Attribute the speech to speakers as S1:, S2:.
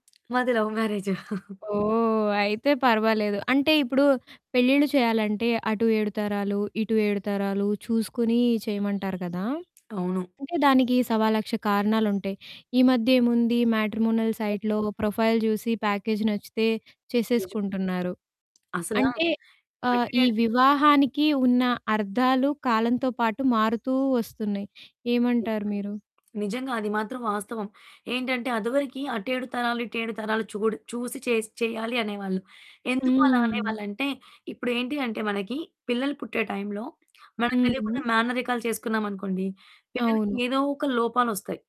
S1: మాది love marriage.
S2: ఓహ్! అయితే పర్వాలేదు. అంటే ఇప్పుడు పెళ్ళిళ్ళు చేయాలంటే అటు 7 తరాలు ఇటు 7 తరాలు చూసుకొని చేయమంటారు కదా!
S1: అవును
S2: అంటే దానికి సవాలక్ష కారణాలుంటాయి. ఈ మధ్య ఏముంది మ్యాట్రిమోనల్
S1: ఎ
S2: సైట్‌లో ప్రొఫైల్ చూసి ప్యాకేజ్ నచ్చితే
S1: నిజమే.
S2: చేసేసుకుంటున్నారు.
S1: అసలా,
S2: అంటే, ఆహ్,
S1: అంటే
S2: ఈ
S1: నేను
S2: వివాహానికి ఉన్న అర్థాలు కాలంతో పాటు మారుతూ వస్తున్నాయి. ఏమంటారు
S1: నిజమే.
S2: మీరు?
S1: నిజంగా అది మాత్రం వాస్తవం. ఏంటంటే అదవరకి అటు 7 తరాలు, ఇటు 7 తరాలు చూడు చూసి చేసి చెయ్యాలి అనేవాళ్ళు. ఎందుకు అలా
S2: హ్మ్.
S1: అనేవాళ్ళంటే ఇప్పుడేంటి అంటే వాళ్ళకి పిల్లలు పుట్టే టైంలో మనకు తెలియకుండా
S2: హుహు.
S1: మేనరికాలు చేసుకున్నామనుకోండి పిల్లలకి
S2: అవును.
S1: ఏదో ఒక లోపాలొస్తయి.